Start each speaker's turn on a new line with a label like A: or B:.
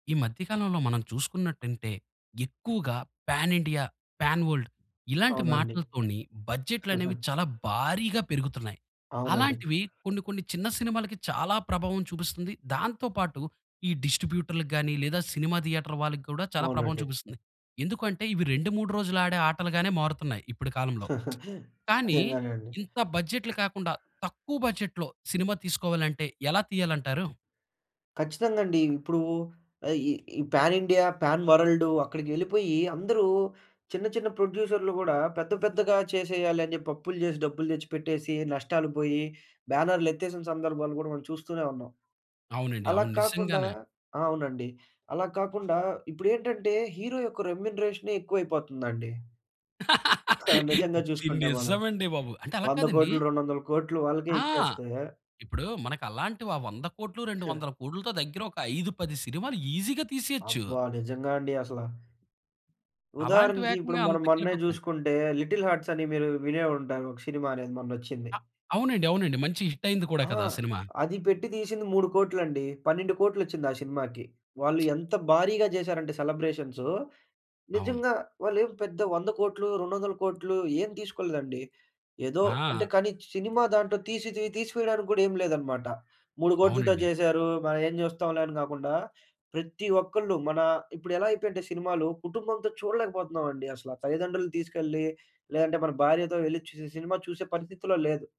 A: ఈ మధ్య కాలంలో మనం చూసుకున్నట్టంటే, ఎక్కువగా పాన్ ఇండియా, పాన్ వల్డ్ ఇలాంటి
B: అవునండి.
A: మాటలతోని బడ్జెట్లనేవి చాలా భారీగా పెరుగుతున్నాయి.
B: అవునండి.
A: అలాంటివి కొన్ని కొన్ని చిన్న సినిమాలకి చాలా ప్రభావం చూపిస్తుంది. దాంతో పాటు ఈ డిస్ట్రిబ్యూటర్లకు గానీ, లేదా సినిమా థియేటర్ వాళ్ళికి గూడా చాలా ప్రభావం
B: అవునండి.
A: చూపిస్తుంది. ఎందుకు అంటే, ఇవి 2, 3 రోజులాడే ఆటలుగానే మారుతున్నాయి ఇప్పుడి కాలంలో, కానీ
B: నిజంగానే అండి.
A: ఇంత బడ్జెట్లు కాకుండా, తక్కువ బడ్జెట్‌లో సినిమా తీసుకోవాలంటే, ఎలా తియ్యాలంటారు?
B: ఖచ్చితంగండీ. ఇప్పుడూ ఆహ్, ఈ, ఈ పాన్ ఇండియా, పాన్ వరల్డు అక్కడికి వెళ్ళిపోయి అందరూ, చిన్న చిన్న ప్రొడ్యూసర్లు గూడా పెద్ద పెద్దగా చేసేయాలని జెప్పి అప్పులు జేసి, డబ్బులు తెచ్చిపెట్టేసి, నష్టాలుగుబోయి, బ్యానర్లెత్తేసిన సందర్భాలు గూడా మనం చూస్తూనే ఉన్నాం.
A: అవునండి.
B: అలాగ
A: అవును.
B: కాకుండా
A: నిజంగానే.
B: ఆ! అవునండి. అలాగ కాకుండా ఇప్పుడేంటంటే, హీరో యొక్క రెమ్యునరేషనే ఎక్కువైపోతందండి. ఆ! నిజంగా
A: ఇది
B: చూసుకుంటే మనం.
A: నిజమండి బాబు. అంటే, అలాగ
B: 100
A: కాదండి.
B: కోట్లు, 200ల కోట్లు వాళ్ళకే
A: ఆ!
B: ఇచ్చేస్తే
A: ఇప్పుడూ మనకలాంటివా 100 కోట్లు, 200 కోట్లుతో దగ్గర ఒక 5, 10 సినిమాలు ఈజీగా తీసేయొచ్చు.
B: అబ్బా! నిజంగా అండి అసలా. ఉదాహరణకి ఇప్పుడు
A: అలాంటివేకంగా
B: మనం మొన్నే
A: అంతకెళ్ళిపోతన్నాయి.
B: జూసుకుంటే, 'లిటిల్ హార్ట్స్' అని మీరు వినే ఉంటారు. ఒక షినిమా అనేది మొన్నొచ్చింది.
A: ఆ! అవునండి. అవునండి. మంచి హిట్టయింది కూడా
B: ఆ!
A: కదా సినిమా.
B: అది పెట్టి తీషింది 3 కోట్లండి. 12 కోట్లొచ్చింది ఆ షినిమాకి. వాళ్ళు ఎంత భారీగా జేసారంటే సెలబ్రేషన్సు,
A: అవును.
B: నిజంగా వాళ్ళేమి పెద్ద 100 కోట్లు, 200ల కోట్లు ఏం తీసుకోలేదండి, ఏదో. అంటే,
A: ఆ!
B: కానీ సినిమా దాంటో తీసి తి తీసివెయడానికి గూడా ఏం లేదనమాట. 3 కోట్లతో
A: అవునండి.
B: చేశారు, మన ఏం జూస్తాంలే అని గాకుండా, ప్రతి ఒక్కళ్ళు మనా ఇప్పుడెలా అయిపోయంటే సినిమాలు, కుటుంబంతో చూడలేకపోతున్నావండి అసల. తల్లిదండ్రులని తీసుకెళ్ళి, లేదంటే మన భార్యతో వెళ్లి చూసే, సినిమా చూసే పరిస్థితిలో లేదు.